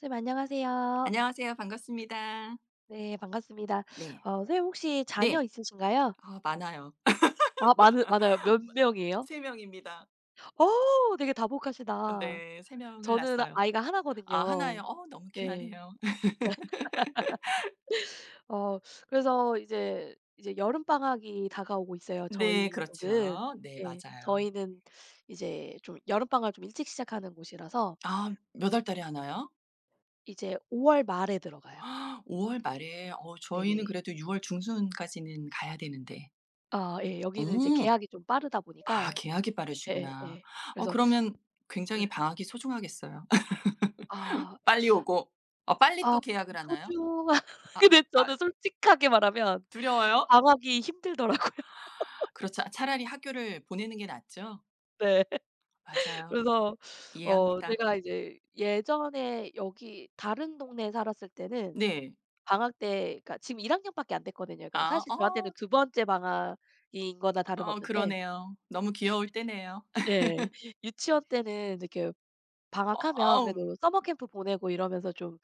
선생님 안녕하세요. 안녕하세요. 반갑습니다. 네 반갑습니다. 네. 어 선생님 혹시 자녀 네. 있으신가요? 아 많아요. 아 많으 많아요? 몇 많 명이에요? 3 명입니다. 어우 되게 어 다복하시다. 네. 3 명을 저는 낳았어요. 아이가 1 아 1 거든요. 예요? 어 너무 예. 귀하네요. 어 그래서 이제 이제 여름방학이 다가오고 있어요 네 저희 쪽은. 그렇죠. 네 예. 맞아요. 저희는 이제 좀 여름방학을 좀 일찍 시작하는 곳이라서 아 몇 월달에 하나요? 이제 5 월 말에 들어가요. 5 월 말에? 어 저희는 네네. 그래도 6 월 중순까지는 가야 되는데. 아 예. 여기는 이제 오. 개학이 좀 빠르다 아 보니까 개학이 예 빠르시구나. 예. 어 그래서 그러면 예. 굉장히 방학이 소중하겠어요. 아. 빨리 오고. 아 빨리 아 또 개학을 하나요? 소중하 아 근데 아. 저는 솔직하게 말하면 두려워요? 방학이 힘들더라고요. 그렇죠. 아 차라리 학교를 보내는 게 낫죠? 네. 맞아요. 그래서 어 이해합니다. 제가 이제 예전에 여기 다른 동네에 살았을 때는 네. 방학 때 그러니까 지금 1 학년밖에 안 됐거든요. 그러니까 아. 사실 저한테는 어 2 번째 방학인 음 거나 어 다름없는데 그러네요. 너무 귀여울 때네요. 예. 유치원 때는 이렇게 어 방학하면 어음. 그래도 써머 캠프 보내고 이러면서 좀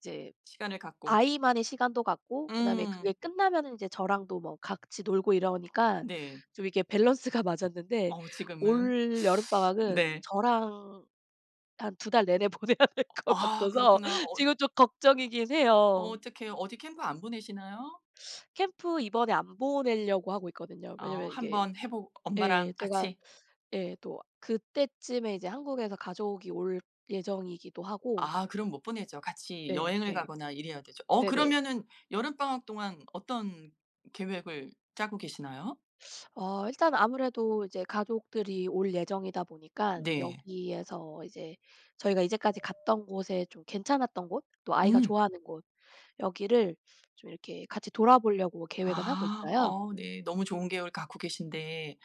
이제 시간을 갖고. 아이만의 시간도 갖고 그다음에 음. 그게 끝나면은 이제 저랑도 뭐 같이 놀고 이러니까 네. 좀 이렇게 밸런스가 맞았는데 어 지금은. 올 여름방학은 네. 저랑 한 2 달 내내 보내야 될 어 것 아 같아서 그렇구나. 어 지금 좀 걱정이긴 어 해요. 어떡해. 어디 캠프 안 보내시나요? 캠프 이번에 안 보내려고 하고 있거든요. 어 왜냐하면 이게 한번 해 보 예 엄마랑 제가 같이? 예 또 그때쯤에 이제 한국에서 가족이 올 예정이기도 하고 아 그럼 못 보내죠. 같이 예 여행을 예. 가거나 일해야 되죠. 어 네네. 그러면은 여름방학 동안 어떤 계획을 짜고 계시나요? 어 일단 아무래도 이제 가족들이 올 예정이다 보니까 네. 여기에서 이제 저희가 이제까지 갔던 곳에 좀 괜찮았던 곳 또 아이가 음. 좋아하는 곳 여기를 좀 이렇게 같이 돌아보려고 계획은 하고 아 있어요. 어 네. 너무 좋은 계획을 갖고 계신데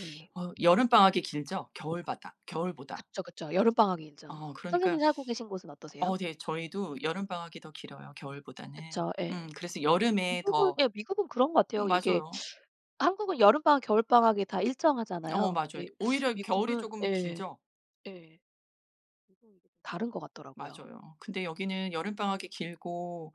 예. 어 여름방학이 길죠? 겨울바다? 겨울보다? 그쵸, 그쵸. 여름방학이 길죠. 어 선생님 그러니까 살고 계신 곳은 어떠세요? 어 되게 저희도 여름방학이 더 길어요 겨울보다는. 그쵸. 음 예. 그래서 여름에 미국은 더 예. 미국은 그런 것 같아요. 이게 맞아요. 한국은 여름방학 겨울방학이 다 어 일정하잖아요. 맞아요. 근데 오히려 겨울이 미국은 쪼금 예. 길죠? 예. 보통 이게 좀 다른 것 같더라고요. 맞아요. 근데 여기는 여름방학이 길고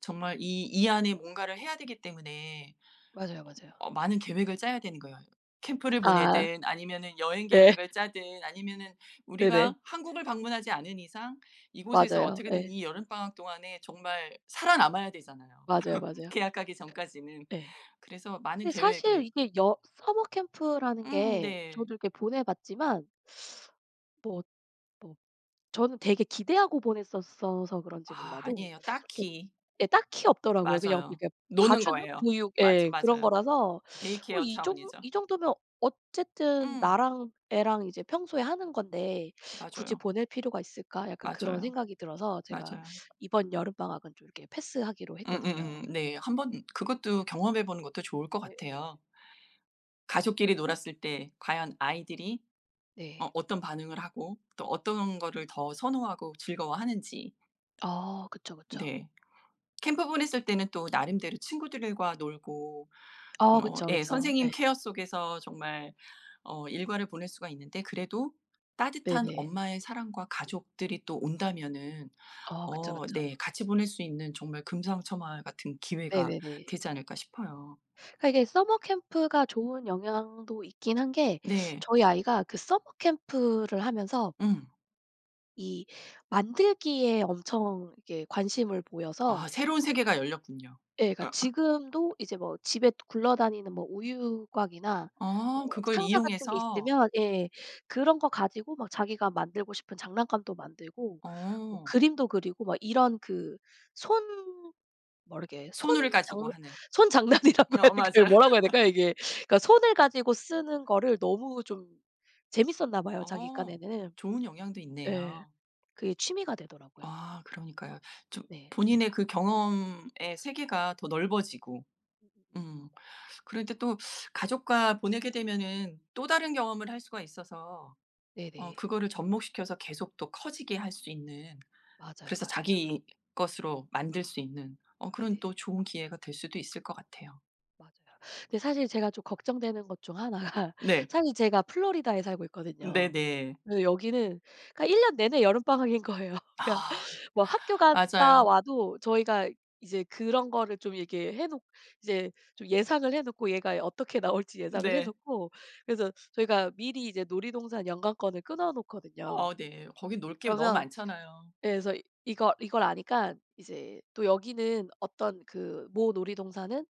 정말 이 이 안에 뭔가를 해야 되기 때문에 맞아요, 어 맞아요. 어 많은 계획을 짜야 되는 거예요. 캠프를 아. 보내든 아니면은 여행 예. 계획을 짜든 아니면은 네네. 우리가 한국을 방문하지 않은 이상 이곳에서 맞아요. 어떻게든 예. 이 여름방학 동안에 정말 살아남아야 되잖아요. 맞아요, 맞아요. 개학하기 전까지는. 예. 그래서 많은 근데 사실 계획을 이게 여 서머 캠프라는 음 게 네. 저도 이렇게 보내 봤지만 뭐 뭐 저는 되게 기대하고 보냈었어서 그런지 아 몰라도 아니에요 이렇게 딱히. 예 딱히 없더라고요. 그냥 맞아요. 이렇게 노는 봐주는? 거예요. 보육 맞아 예. 그런 맞아요. 거라서 day 어 care 이 정 차원이죠. '이 정도면 어쨌든 음. 나랑 애랑 이제 평소에 하는 건데 굳이 맞아요. 보낼 필요가 있을까?' 약간 그런 맞아요. 생각이 들어서 제가 맞아요. 이번 여름방학은 좀 이렇게 패스하기로 했거든요. 음음음 네. 한번 그것도 경험해 보는 것도 좋을 것 네 예. 같아요. 가족끼리 놀았을 때 과연 아이들이 어 네. 어떤 반응을 하고 또 어떤 거를 더 선호하고 즐거워하는지. 아. 그쵸, 그쵸. 네. 캠프 보냈을 때는 또 나름대로 친구들과 놀고 아 어 그쵸, 예 그쵸. 선생님 예. 케어 속에서 정말 어 일과를 보낼 수가 있는데 그래도 따뜻한 네네. 엄마의 사랑과 가족들이 또 온다면은 어 그쵸, 어 그쵸. 네 같이 보낼 수 있는 정말 금상첨화 같은 기회가 네네네. 되지 않을까 싶어요. 그러니까 이게 서머 캠프가 좋은 영향도 있긴 한 게 네. 저희 아이가 그 서머 캠프를 하면서 음. 이 만들기에 엄청 이렇게 관심을 보여서 아 새로운 세계가 열렸군요. 예 그러니까 어. 지금도 이제 뭐 또 집에 굴러다니는 뭐 우유곽이나 어 뭐 그걸 상자 같은 게 이용해서? 있으면 예 그런 거 가지고 막 자기가 만들고 싶은 장난감도 만들고 뭐 어. 그림도 그리고 막 이런 그 손 뭐 이렇게 손 손을 장 가지고 하는. 손장난이라고 해야 어 맞아요. 될까요 뭐라 해야 될까요 이게? 그러니까 손을 가지고 쓰는 거를 너무 좀 재미있었나 봐요 자기 어. 깐에는. 좋은 영향도 예. 있네요. 그게 취미가 되더라고요. 아 그러니까요. 좀 네. 본인의 그 경험의 세계가 더 넓어지고. 음. 그런데 또 가족과 보내게 되면은 또 다른 경험을 할 수가 있어서 어 네네. 그거를 접목시켜서 계속 또 커지게 할 수 있는 맞아요, 그래서 맞아요. 자기 것으로 만들 수 있는 어 그런 또 네네네. 좋은 기회가 될 수도 있을 것 같아요. 맞아요. 근데 사실 제가 좀 걱정되는 것 중 1 가 네. 사실 제가 플로리다에 살고 있거든요. 네네. 네 여기는 그러니까 1 년 내내 여름방학인 거예요. 그러니까 아. 뭐 학교 갔다 맞아요. 와도 저희가 이제 그런 거를 좀 이렇게 해 놓 이제 좀 예상을 해 놓고 얘가 어떻게 나올지 예상을 해 네. 놓고 그래서 저희가 미리 이제 놀이동산 연간권을 끊어 놓거든요. 어 네. 거긴 놀 게 너무 그러면 많잖아요. 예 그래서 이걸 이걸 아니까 이제 또 여기는 어떤 그 모 놀이동산은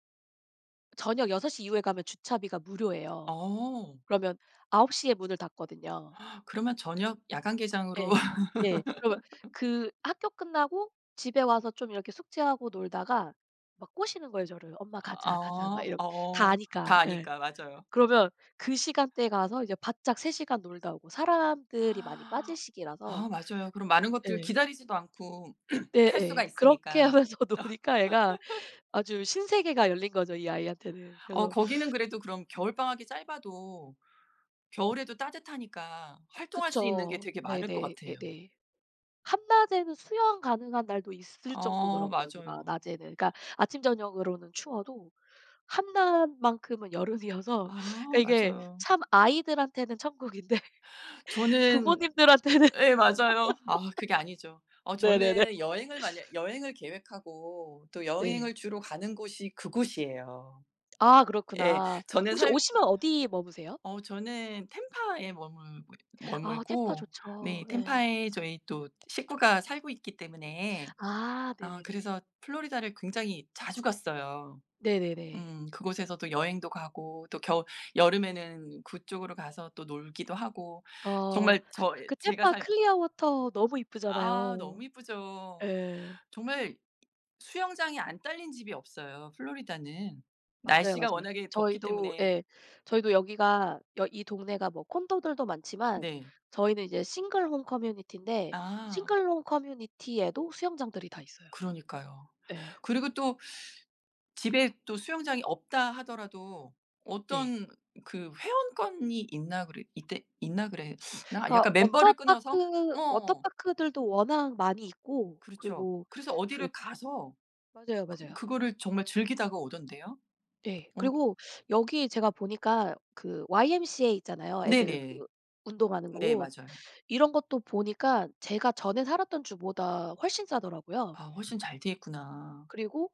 저녁 6:00 이후에 가면 주차비가 무료예요. 어. 그러면 9:00 에 문을 닫거든요. 그러면 저녁 야간 개장으로 예. 예. 그러면 그 학교 끝나고 집에 와서 좀 이렇게 숙제하고 놀다가 막 꼬시는 거예요 저를. "엄마 가자. 가자." 막 아. 이렇 다 어. 아니까. 다 예. 아니까. 맞아요. 그러면 그 시간대에 가서 이제 바짝 3 시간 놀다 오고 사람들이 많이 아 빠질 시기라서 맞아요. 그럼 많은 것들 예. 기다리지도 않고 네 탈 수가 예. 그렇게 있으니까. 하면서 노니까 애가 아주 신세계가 열린 거죠 이 아이한테는. 어 그래서 거기는 그래도 그럼 겨울방학이 짧아도 겨울에도 따뜻하니까 활동할 수 있는 게 그쵸. 되게 많을 것 네네. 같아요. 네네. 한낮에는 수영 가능한 날도 있을 어 정도더라고요 여기가 맞아요. 낮에는. 그러니까 아침 저녁으로는 추워도 한낮만큼은 여름이어서 아 그 이게 맞아요. 참 아이들한테는 천국인데 저는 부모님들한테는 예 맞아요. 아 그게 아니죠. 어 네네네. 저는 여행을 만약 여행을 계획하고 또 네. 여행을 주로 가는 곳이 그곳이에요. 아 예. 그렇구나. 저는 혹시 살 오시면 어디 머무세요? 어 저는 템파에 머물고 아 템파 머물고 네 좋죠. 네. 템파에 저희 또 식구가 살고 있기 때문에 아 어 네네네. 그래서 플로리다를 굉장히 자주 갔어요. 네네네. 음. 그곳에서 또 여행도 가고 또 겨 여름에는 그쪽으로 가서 또 놀기도 하고 어. 정말 저 이 그 제가 탬파 살 클리어워터 너무 아 이쁘잖아요. 너무 예쁘죠. 예. 정말 수영장이 안 딸린 집이 없어요 플로리다는. 맞아요, 날씨가 맞아요. 워낙에 덥기 저희도 때문에. 예. 저희도 여기가 여 이 동네가 뭐 콘도들도 많지만 네. 저희는 이제 싱글 홈 커뮤니티인데 아. 싱글 홈 커뮤니티에도 수영장들이 다 있어요. 그러니까요. 예. 그리고 또 집에 또 수영장이 없다 하더라도 네. 어떤 그 회원권이 있나 그래 있대 있나 그랬나? 그러니까 약간 멤버를 끊어서? 워터파크, 어. 워터파크들도 워낙 많이 있고 그렇죠. 그리고 그래서 그 어디를 가서 맞아요, 그 맞아요. 그거를 정말 즐기다가 오던데요? 예. 어 그리고 여기에 제가 보니까 그 YMCA 있잖아요 애들 네네. 그 운동하는 네 곳. 맞아요. 이런 것도 보니까 제가 전에 살았던 주보다 훨씬 싸더라고요. 아 훨씬 잘 돼 있구나. 그리고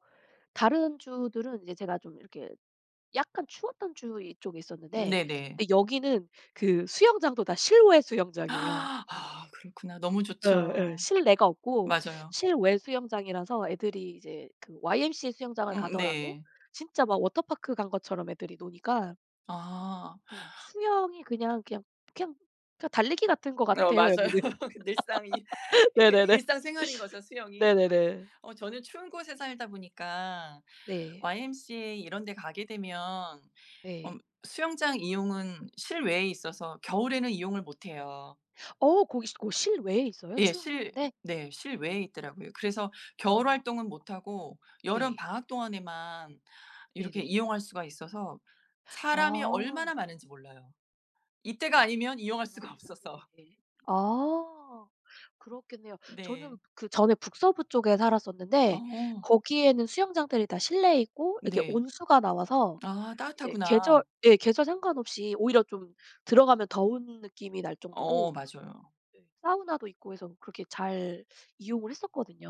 다른 주들은 이제 제가 좀 이렇게 약간 추웠던 주 이쪽에 음 있었는데 네네. 근데 여기는 그 수영장도 다 실외 수영장이에요. 아 그렇구나. 너무 예예. 좋죠. 실내가 없고 맞아요. 실외 수영장이라서 애들이 이제 그 YMCA 수영장을 응응 가더라도 네. 진짜 막 워터파크 간 것처럼 애들이 노니까 아. 예. 수영이 그냥 그냥 그냥 그냥 달리기 같은 것 어 같아요 맞아요. 여기는. 그 늘상 이 그러니까 네네네. 일상 생활인 거죠 수영이. 네네네. 어 저는 추운 곳에 살다 보니까 네. YMCA 이런 데 가게 되면 음 네. 수영장 이용은 실외에 있어서 겨울에는 이용을 못 해요. 어 거기 거기 실외에 있어요? 예. 추운 실 곳인데? 네 실외에 있더라고요. 그래서 겨울 아. 활동은 못 하고 네. 여름방학 동안에만 이렇게 네네. 이용할 수가 있어서 사람이 아. 얼마나 많은지 몰라요. 이때가 아 아니면 이용할 그렇구나. 수가 아 없어서. 네네네. 아 그렇겠네요. 저는 네. 그전에 북서부 쪽에 살았었는데 어. 거기에는 수영장들이 다 실내에 있고 이렇게 네. 온수가 나와서 아 이제 따뜻하구나. 계절 예 계절 상관없이 오히려 좀 들어가면 더운 느낌이 날 어 정도로 맞아요. 네 사우나도 있고 해서 그렇게 잘 이용을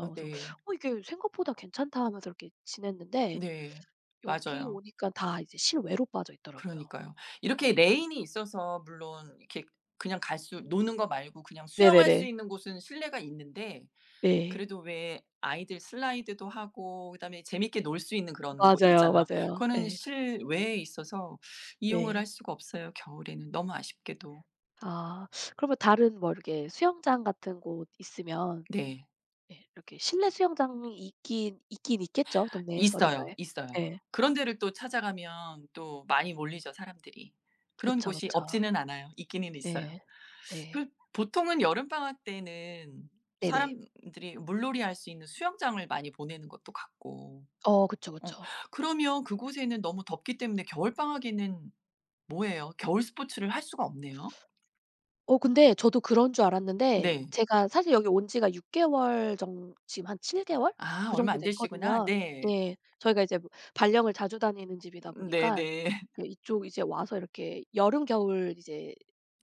아 그래서 네. '어 이게 생각보다 괜찮다.' 하면서 이렇게 지냈는데 네. 여기 맞아요. 오니깐 다 이제 실외로 빠져 있더라고요. 그러니까요. 네. 이렇게 레인이 있어서 물론 이렇게 그냥 갈 수 음음음. 노는 거 말고 그냥 수영할 수 네네네. 있는 곳은 실내가 있는데 네. 그래도 왜 아이들 슬라이드도 하고 그다음에 재밌게 놀 수 있는 그런 곳 맞아요, 있잖아요. 맞아요. 그거는 예. 실외에 있어서 이용을 네. 할 수가 없어요 겨울에는 너무 아쉽게도. 아 그러면 다른 뭐 이렇게 수영장 같은 곳 있으면 네. 예 이렇게 실내 수영장이 있긴 있긴 있겠죠 동네에 있어요, 어딘가에. 있어요. 예. 그런 데를 또 찾아가면 또 많이 몰리죠 사람들이. 그런 그쵸, 곳이 그쵸. 없지는 않아요. 있기는 있어요. 예. 그 네. 보통은 여름방학 때는 네네. 사람들이 물놀이 할 수 있는 수영장을 많이 보내는 것도 같고. 어 그쵸, 어 그쵸. 그러면 그곳에는 너무 덥기 때문에 겨울방학에는 뭐 해요? 겨울 스포츠를 할 수가 없네요. 어 근데 저도 그런 줄 알았는데 네. 제가 사실 여기 온 지가 6 개월 정 지금 한 7 개월 아 그 얼마 정도 안 되시구나. 됐거든요. 네. 예. 저희가 이제 뭐 발령을 자주 다니는 집이다 음 보니까 네네. 그 이쪽 이제 와서 이렇게 여름 겨울 이제,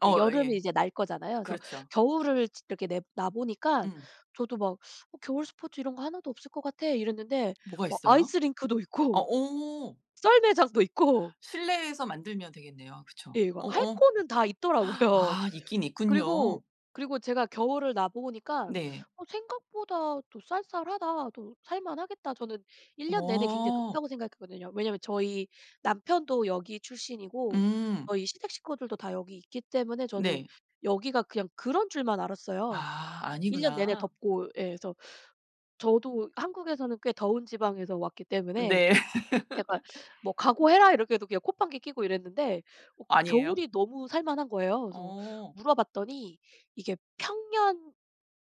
이제 어 여름을 예. 이제 날 거잖아요. 그래서 그렇죠. 겨울을 지 이렇게 내 나 보니까 음. 저도 막 "어 겨울 스포츠 이런 거 하나도 없을 것 같아." 이랬는데 뭐가 막 있어요? 아이스링크도 어 있고 오. 썰매장도 있고 실내에서 만들면 되겠네요. 예 그쵸? 이거 막 어 할 어. 거는 다 있더라고요. 아 있긴 그리고, 있군요. 그리고 제가 겨울을 나 보니까 네. '어 생각보다 또 쌀쌀하다. 또 살 만하겠다.' 저는 '1 년 내내 굉장히 어. 덥다.'고 생각했거든요. 왜냐하면 저희 남편도 여기 출신이고 음. 저희 시댁 식구들도 다 여기 있기 때문에 저는 네. 여기가 그냥 그런 줄만 알았어요. 아 1 년 내내 아니구나. 덥고 예 그래서 저도 한국에서는 꽤 더운 지방에서 왔기 어 때문에 네. 약간 뭐 "각오해라." 이렇게 해도 그냥 콧방귀 끼고 이랬는데 어 아니에요? 겨울이 너무 살 만한 거예요. 그래서 어. 물어봤더니 이게 평년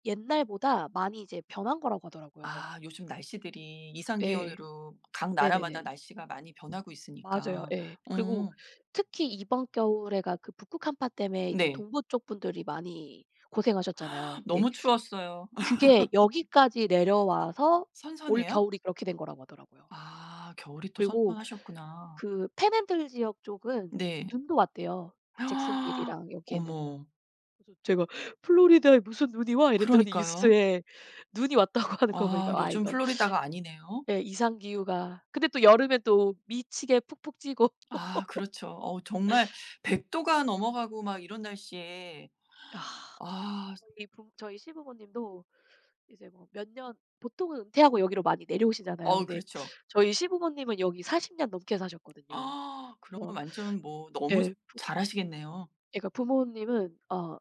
옛날보다 많이 이제 변한 거라고 하더라고요. 아 요즘 날씨들이 이상 예. 기온으로 각 나라마다 네네네. 날씨가 많이 변하고 맞아요. 있으니까 예. 그리고 어. 특히 이번 겨울에가 그 북극 한파 땜에 이제 네. 동부 쪽 분들이 많이 고생하셨잖아요. 근데 너무 추웠어요. 그게 여기까지 내려와서 선선해요? 올겨울이 그렇게 된 거라고 하더라고요. 아 겨울이 또 그리고 선선하셨구나. 그 팬핸들 지역 쪽은 네. 눈도 왔대요 잭슨빌이랑 여기에는. 어머. 그래서 제가 "플로리다에 무슨 눈이 와." 이랬더니 그러니까요. 뉴스에 눈이 왔다고 하는 거 와 보니까 아 요즘 이거 플로리다가 아니네요. 예 이상기후가 근데 또 여름에 또 미치게 푹푹 찌고. 아 그렇죠. 어 정말 100 도가 넘어가고 막 이런 날씨에 아. 아. 저희 부모 저희 시부모님도 이제 뭐 몇 년 보통은 은퇴하고 여기로 많이 내려오시잖아요. 어 근데 그렇죠. 저희 시부모님은 여기 40 년 넘게 사셨거든요. 그러면 그래서 완전 뭐 너무 예 부 잘 아시겠네요. 예 그러니까 부모님은 어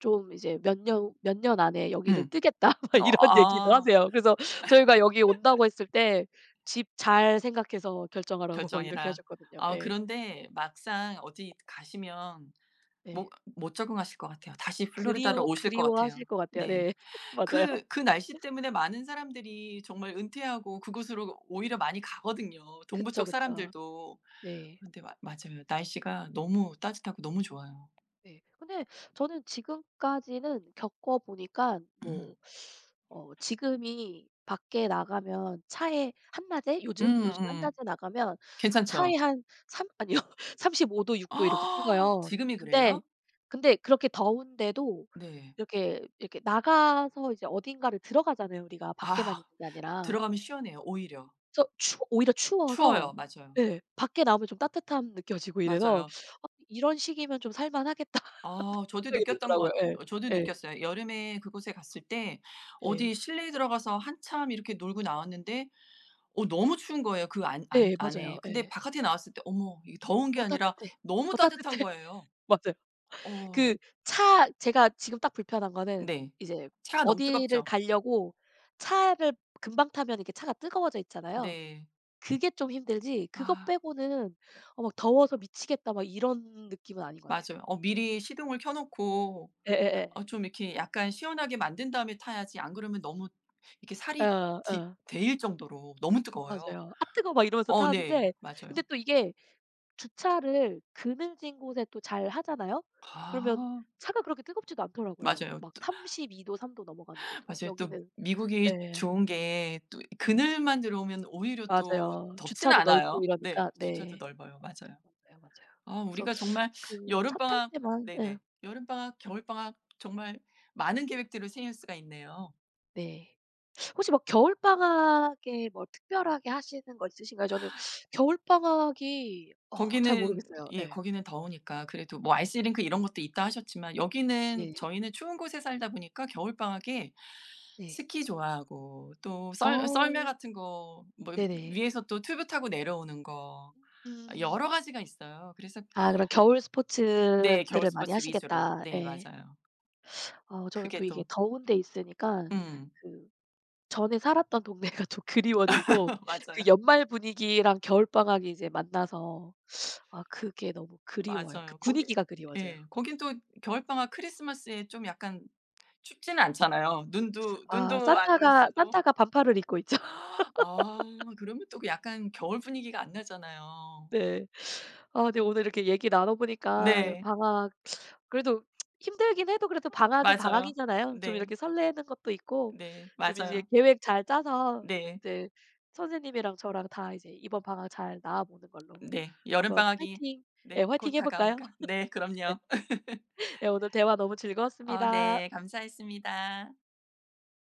좀 이제 몇 년 "몇 년 안에 여기를 음. 뜨겠다." 어 막 이런 얘기도 아. 하세요. 그래서 저희가 "여기에 온다."고 했을 때 집 잘 생각해서 결정하라고 막 이렇게 "결정해라." 하셨거든요. 아 예. 그런데 막상 어디 가시면 못 네. 못 적응하실 것 같아요. 다시 플로리다로 그리우 오실 것 그리워하실 같아요. 것 같아요. 네. 네. 맞아요. 그 그 날씨 때문에 많은 사람들이 정말 은퇴하고 그곳으로 오히려 많이 가거든요 동부 그쵸, 쪽 그쵸. 사람들도. 네. 그런데 마 맞아요. 날씨가 너무 따뜻하고 너무 좋아요. 네. 근데 저는 지금까지는 겪어보니깐 음. 뭐 어 지금이 밖에 나가면 차에 한낮에? 요즘 요즘 한 음음. 낮에 나가면 차에 괜찮죠? 한 3 아니요. 35 도 6 도 이렇게 찍어요. 지금이 근데 그래요? 근데 그렇게 더운데도 네. 이렇게 이렇게 나가서 이제 어딘가를 들어가잖아요 우리가 밖에만 있는 아. 게 아니라. 들어가면 시원해요 오히려. 그래서 추 오히려 추워요. 추워서 맞아요. 네. 밖에 나오면 좀 따뜻함 느껴지고 이래서 맞아요. '어 이런 식이면 좀 살 만하겠다.' 아 저도 생각이 느꼈던 들더라고요. 것 예. 어 저도 예. 느꼈어요. 여름에 그곳에 갔을 때 네. 어디 실내에 들어가서 한참 이렇게 놀고 나왔는데 어 너무 추운 거예요 그 안 안 네 안에. 맞아요. 근데 예. 바깥에 나왔을 때 어머 이 더운 게 '어 아니라 따뜻해 너무 어 따뜻한 따뜻해.' 거예요. 맞아요. 어. 그 차 제가 지금 딱 불편한 거는 네. 이제 차가 너무 어디를 뜨겁죠? 가려고 차를 금방 타면 이렇게 차가 뜨거워져 있잖아요. 네. 그게 좀 힘들지 그것 아. 빼고는 '어 막 더워서 미치겠다.' 막 이런 느낌은 아닌 것 같아요. 맞아요. 어 미리 시동을 켜 놓고 예예예. 어 좀 이렇게 약간 시원하게 만든 다음에 타야지 안 그러면 너무 이렇게 예 살이 아 디 어. 데일 정도로 너무 뜨거워요. 맞아요. "앗 뜨거워." 막 이러면서 어 네. 타는데 맞아요. 근데 또 이게 주차를 그늘진 곳에 또 잘 하잖아요? 그러면 아. 차가 그렇게 뜨겁지도 않더라고요 맞아요. 막 또 32 도 3 도 넘어가는데도. 맞아요 또 여기는 미국이 예. 좋은 게 또 이 예. 그늘만 들어오면 오히려 또 맞아요. 덥지는 주차도 넓고 않아요. 네. 이러니까 주차도 네. 넓어요. 맞아요. 맞아요, 맞아요. 아 그래서 우리가 정말 그 차 탈 여름방학 때만 예. 네네. 여름방학 겨울방학 정말 많은 계획들을 세울 수가 있네요. 네. 혹시 막 겨울방학에 뭐 특별하게 하시는 거 있으신가요? 저는 겨울방학이 어 잘 거기는 모르겠어요. 예 예. 거기는 더우니까 그래도 뭐 아이스링크 이런 것도 있다 하셨지만 여기는 네. 저희는 추운 곳에 살다 보니까 겨울방학에 네. 스키 좋아하고 또 썰 썰매 아. 같은 거 뭐 네네. 위에서 또 튜브 타고 내려오는 거 음. 여러 가지가 있어요. 그래서 아 그럼 겨울 네. 겨울 스포츠들을 많이 스포츠 위주로. 하시겠다. 네 예. 맞아요. 어 저는 또 그게 이게 또 더운 데 있으니까 음. 그 전에 살았던 동네가 좀 그리워지고 그 맞아요. 연말 분위기랑 겨울방학이 이제 만나서 아 그게 너무 그리워요. 그 맞아요. 거기 분위기가 그리워져요. 예. 거긴 또 겨울방학 크리스마스에 좀 약간 춥지는 않잖아요. 눈도 아 눈도 안 올 산타가 수도. 산타가 반팔을 입고 있죠. 아 그러면 또 그 약간 겨울 분위기가 안 나잖아요. 네. 어 네 오늘 이렇게 얘기 나눠 보니까 네. 방학 그래도 힘들긴 해도 그래도 방학은 맞아요. 어 방학이잖아요. 좀 네. 이렇게 설레는 것도 있고 네. 좀 이제 맞아요. 계획 잘 짜서 네. 이제 선생님이랑 저랑 다 이제 이번 방학 잘 나 보는 걸로 네. 한번 여름방학이 파이팅 네 예 파이팅 곧 해 볼까요? 다가오니까 네. 네. 그럼요. 예 오늘 대화 너무 어 즐거웠습니다. 네. 감사했습니다.